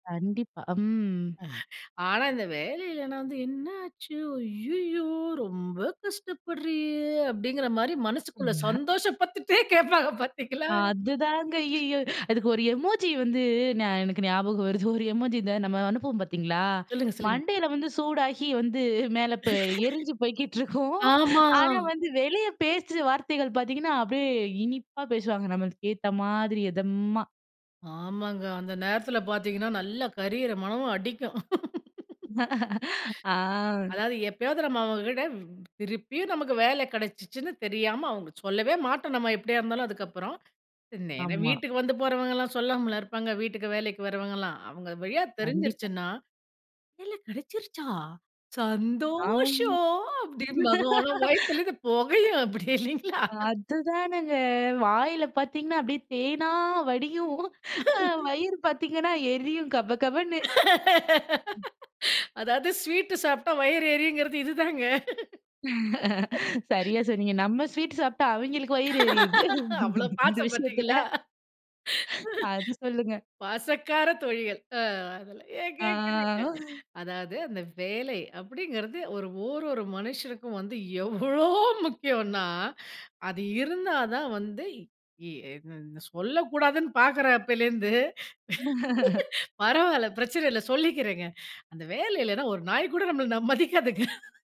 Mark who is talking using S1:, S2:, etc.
S1: கண்டிப்பா, ம்.
S2: ஆனா, இந்த வேலையில்லனா வந்து, என்ன ஆச்சு ஐய்யயோ ரொம்ப கஷ்டப்படுறியே அப்படிங்கிற மாரி மனசுக்குள்ள
S1: ம்.
S2: சந்தோஷ பட்டுட்டே கேட்பாங்க பார்த்தீங்களா.
S1: அதுதாங்க ஐயயோ! அதுக்கு ஒரு எமோஜி வந்து எனக்கு ஞாபகம் வருது ஒரு எமோஜி இந்த நம்ம அனுப்புவோம் பார்த்தீங்களா,
S2: சொல்லுங்க, சொல்லுங்க.
S1: மண்டையில வந்து சூடாகி வந்து மேல ப எரிஞ்சு போய்க்கிட்டு இருக்கும்.
S2: ஆமா.
S1: ஆனா, வந்து வெளியே பேச்சு வார்த்தைகள் பார்த்தீங்கன்னா, அப்படியே இனிப்பா பேசுவாங்க நம்மளுக்கேத்த மாதிரி எதமா.
S2: ஆமாங்க. அந்த நேரத்தில பார்த்தீங்கன்னா, நல்ல கரியற மனமும் அடிக்கும்.
S1: ஆ.
S2: அதாவது எப்பயாவது நம்ம அவங்க கிட்ட திருப்பியும் நமக்கு வேல கெடச்சுச்சுன்னு தெரியாம அவங்க சொல்லவே மாட்டோம் நம்ம எப்படியா இருந்தாலும் அதுக்கப்புறம். நேரா
S1: ஆமா.
S2: வீட்டுக்கு வந்து போறவங்கலாம் சொல்லாமலா இருப்பாங்க. வீட்டுக்கு வேலைக்கு வரவங்கலா. அவங்க வழியா
S1: கண்டிப்பா.
S2: தெரிஞ்சுருச்சுனா, வேலை கெடச்சிருச்சா
S1: ஆமா.
S2: சந்தோஷம் அப்படின்பாங்க. ஆனா, வயித்திலிருந்து பொகையும் அப்படியே இல்லைங்களா?
S1: அதுதானங்க வாயில பார்த்தீங்கன்னா, அப்படியே தேனா வடியும். வயிறு பார்த்தீங்கன்னா, எரியும் கபகபன்னு.
S2: அதாவது, ஸ்வீட் சாப்பிட்டா வயிறு எரியுங்கிறது இதுதாங்க.
S1: சரியா சொன்னீங்க, நம்ம ஸ்வீட் சாப்ட்டா அவிங்களுக்கு வயிறு எரியுது,
S2: அவ்ளோ
S1: இந்த
S2: பாசம்
S1: விஷயத்தில.
S2: பாத்திங்களா?
S1: அது சொல்லுங்க.
S2: பசக்கார தோழிகள் ஆ அதலாம் ஏன் கேட்கிறீங்க?
S1: ஆ.
S2: அதாவது, அந்த வேலை அப்படிங்கிறது ஒரு ஓரொரு மனுஷனுக்கும் வந்து எவ்ளோ முக்கியனா, அது இருந்தா தான் வந்து இ என் என் சொல்லக்கூடாதுன்னு பாக்குறேன் அப்பலேருந்து. பரவாயில்ல, பிரச்சன இல்ல சொல்லிக்கிறேங்க. அந்த வேலை இல்லைனா, ஒரு நாய் கூட ம நம்மள மதிக்காதுங்க.